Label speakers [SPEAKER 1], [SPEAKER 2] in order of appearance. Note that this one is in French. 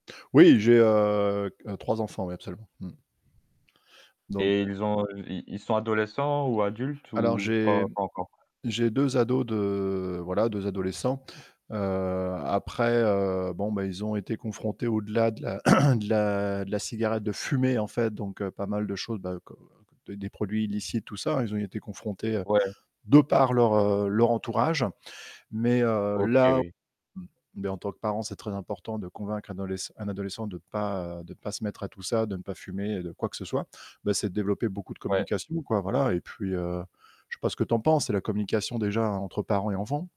[SPEAKER 1] Oui, j'ai, heu, q heu, 3 enfants, oui, absolument. Mmh. Donc
[SPEAKER 2] Et ils ont i ils sont adolescents ou adultes
[SPEAKER 1] Alors
[SPEAKER 2] ou pas
[SPEAKER 1] j'ai
[SPEAKER 2] pas encore?
[SPEAKER 1] j'ai 2 ados de, voilà, 2 adolescents. Après heu, bon bah ils ont été confrontés au-delà de la de la de la cigarette, de fumer, en fait, donc heu, pas mal de choses, bah des produits illicites, tout ça, ils ont été confrontés, heu,
[SPEAKER 2] Ouais.
[SPEAKER 1] de par leur, heu, leur entourage. Mais heu
[SPEAKER 2] OK,
[SPEAKER 1] là
[SPEAKER 2] oui.
[SPEAKER 1] beh en tant que parent, c'est très important de convaincre un ad un adolescent de pas, heu, de pas se mettre à tout ça, de ne pas fumer, de quoi que ce soit. Bah c'est de développer beaucoup de
[SPEAKER 2] Ouais.
[SPEAKER 1] communication, quoi, voilà et puis heu, je sais pas ce que tu en penses, c'est la communication déjà entre parents et enfants.